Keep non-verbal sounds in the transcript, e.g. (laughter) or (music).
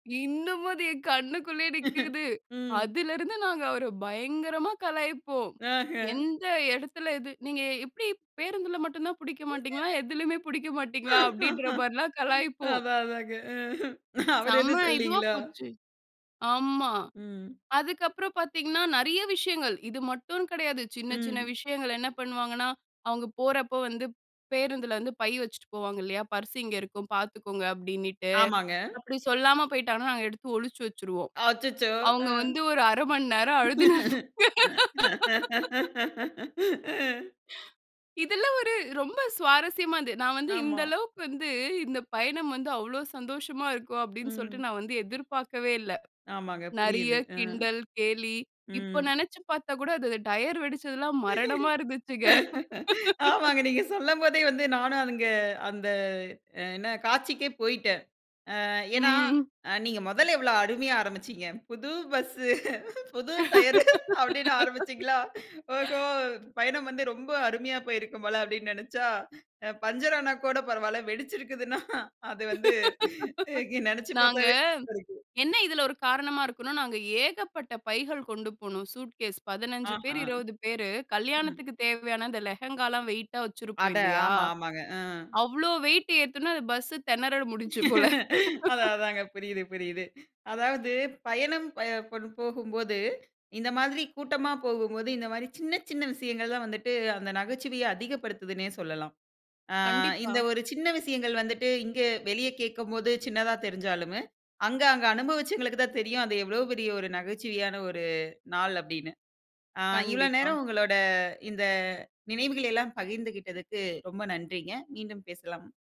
இன்னமும் அது என் கண்ணுக்குள்ளேயே (chuckles) நிக்குது. ம். அதிலிருந்து நாங்க அவர பயங்கரமா கலாய்ப்போம், அஹ்ம். எந்த இடத்துல இது? "நீங்க எப்படி பேருந்தில மட்டும் தான் புடிக்க மாட்டீங்களா? (giggles) எதுலமே புடிக்க மாட்டீங்களா?" அப்படின்ற (laughs) மாரிலாம் கலாய்ப்போம். அதான், அதாங்க. ம். அவரு செம்ம எதுவும் இதுவா சொல்லீங்களா? போச்சு ஆமா. ம். அதுக்கு அப்புறம் பாத்தீங்கனா, நெறைய விஷயங்கள். இது மட்டும்னு கிடையாது. சின்ன சின்ன ம். விஷயங்கள் என்ன பண்ணுவாங்கனா, அவங்க போறப்போ வந்து பேருந்துல வந்து பை வெச்சுட்டு போவாங்க இல்லையா, "பர்ஸ் இங்க இருக்கும் பாத்துக்கோங்க" அப்டினுட்டு. ஆமாங்க. அப்படி சொல்லாம போய்ட்டா, நாங்க எடுத்து ஒழிச்சு வெச்சுருவோம். அச்சச்சோ! அவங்க அ. வந்து ஒரு 1/2 மணி நேரம் அழுதுன்னு (laughs) (laughs) இதெல்லாம் ஒரு ரொம்ப சுவாரஸ்யமா இருந்தது. நான் வந்து ஆமா. இந்த அளவுக்கு வந்து, இந்த பயணம் வந்து அவ்ளோ சந்தோஷமா இருக்கும் அப்படின்னு ம். சொல்ட்டு நான் வந்து எதிர்பாக்கவே இல்ல. ஆமாங்க, நெறைய புரிது. அ. கிண்டல், கேலி, இப்போ ம். நெனச்சு பார்த்தா கூட, அது டையர் வெடுச்சது எல்லாம் மரணமா (chuckles) இருந்துச்சுங்க. ஆமாங்க. (laughs) நீங்க சொல்லம்போதே வந்து நானு, அங்க அந்த என்ன காட்சிக்கே போய்ட்ட. அ ஏன்னா, ம். நீங்க மொதல்ல எவ்ளோ அருமையா ஆரம்பிச்சீங்க. புது பஸ், புது டையரு அப்டினு ஆரம்பிச்சிங்களா? ஓஹோ! (laughs) பயணம் வந்து ரொம்ப அருமையா போயிருக்கும் போல! அப்டினு நெனச்சா, அ பஞ்சர் ஆனா கூட பரவால, வெடிச்சுருக்குதுன்னா, அது வந்து (laughs) நினைச்சு நாங்க, பாத்தாலே பயமாருக்கு. என்ன இதுல ஒரு காரணமா இருக்குன்னா, நாங்க ஏகப்பட்ட பைகள் கொண்டு போனோம். சூட்கேஸ் 15 பேர் ஆஹம். 20 பேரு ம். கல்யாணத்திற்கு தேவையான அந்த லெஹெங்காலாம் வெய்ட்டா வெச்சுருபோம் அட! இல்லையா? ஆமா, ஆமாங்க. அ. அவ்வளோ வெய்ட் ஏத்துன அந்த பஸ் திணற முடிஞ்ச்சு போல. (chuckles) அதா, (laughs) அதாங்க. புரியுது, புரியுது. அதாவது பயணம் ப பண் போகும்போது, இந்த மாரி கூட்டமா போகும்போது, இந்த மாரி சின்ன, சின்ன விஷயங்கள் தான் வந்துட்டு அந்த நகைச்சுவைய அதிகப்படுத்துதுனே சொல்லலாம். ஆ, இந்த கண்டிப்பா. ஒரு சின்ன விஷயங்கள் வந்துட்டு இங்க வெளிய கேட்கும்போது சின்னதா தெரிஞ்சாலும், அங்க அங்க அனுபவச்சங்களுக்கு தான் தெரியும், அது எவ்வளவு பெரிய ஒரு நகைச்சுவையான ஒரு நாள் அப்டின்னு. ஆ இவ்வளவு கண்டிப்பா. நேரம் உங்களோட இந்த நினைவுகள் எல்லாம் பகிர்ந்துகிட்டத்துக்கு ரொம்ப நன்றிங்க. மீண்டும் பேசலாம்.